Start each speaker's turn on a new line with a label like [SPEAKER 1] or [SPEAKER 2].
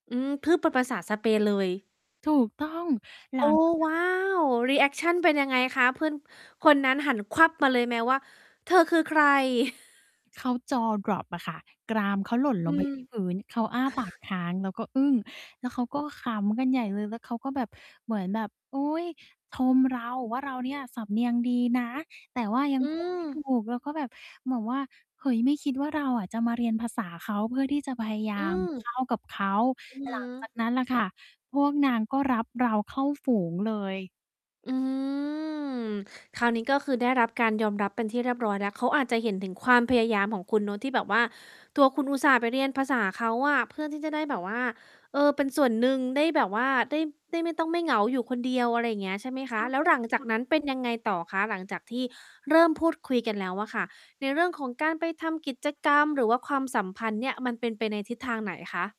[SPEAKER 1] อืม พูด เป็นภาษาสเปนเลย
[SPEAKER 2] ถูกต้อง ห
[SPEAKER 1] โ
[SPEAKER 2] ล
[SPEAKER 1] อ้
[SPEAKER 2] ัง จากนั
[SPEAKER 1] ว
[SPEAKER 2] ้น
[SPEAKER 1] ้
[SPEAKER 2] อ
[SPEAKER 1] า
[SPEAKER 2] ะนะ
[SPEAKER 1] ว! รีแอคชัน เป็นยังไงคะ เพื่อน คนนั้นหัน มาเลยไหมว่า "เธอคือใคร?"
[SPEAKER 2] เขา Jaw drop อะค่ะ กรามเขาหล่น
[SPEAKER 1] อ
[SPEAKER 2] ล
[SPEAKER 1] ื
[SPEAKER 2] ง ไปอยู
[SPEAKER 1] ม
[SPEAKER 2] ่ที่พื้น เขาอ้า ปาก ค้างแล้วก็อึ้ง แล้วเขาก็ขำกันใหญ่เลย แล้วเขาก็แบบ เหมือนแบบ อุ๊ย! ชมเราว่า เราเนี่ยสำเนียงดีนะ แต่ว่ายัง
[SPEAKER 1] อื
[SPEAKER 2] พูดไม่ ถู
[SPEAKER 1] ม
[SPEAKER 2] ก แล้วก็แบบ เหมือนว่า เฮ้ย ไม่คิดว่าเราอะจะมาเรียนภาษาเขาเพื่อที่จะ พยาย
[SPEAKER 1] อ
[SPEAKER 2] า
[SPEAKER 1] ื
[SPEAKER 2] ม เ
[SPEAKER 1] ม
[SPEAKER 2] ข้ากับเขา
[SPEAKER 1] อือฮ
[SPEAKER 2] หลังจ
[SPEAKER 1] ึ
[SPEAKER 2] าก นั้นล่ะค่ะ พวกนางก็รับเราเข้าฝูงเลย
[SPEAKER 1] อืม คราวนี้ก็คือได้รับการยอมรับเป็นที่เรียบร้อยแล้ว เขาอาจจะเห็นถึงความพยายามของคุณเนาะที่แบบว่า ตัวคุณอุตส่าห์ไปเรียนภาษาเขาอะ เพื่อที่จะได้แบบว่า เออ เป็นส่วนหนึ่งได้แบบว่า ได้ ได้ไม่ต้องไม่เหงาอยู่คนเดียว อะไรอย่างเงี้ย ใช่ไหม
[SPEAKER 2] ใ
[SPEAKER 1] ค
[SPEAKER 2] ช
[SPEAKER 1] ะ
[SPEAKER 2] ่
[SPEAKER 1] แล้
[SPEAKER 2] ค
[SPEAKER 1] ว
[SPEAKER 2] ่
[SPEAKER 1] หลังจากนั้นเป็น
[SPEAKER 2] ะ
[SPEAKER 1] ยังไงต่อคะ หลังจากที่เริ่มพูดคุยกันแล้วอะค่ะ ในเรื่องของการไปทำกิจกรรม หรือว่าความสัมพันธ์เนี่ย มันเป็นไปในทิศทางไหนคะ?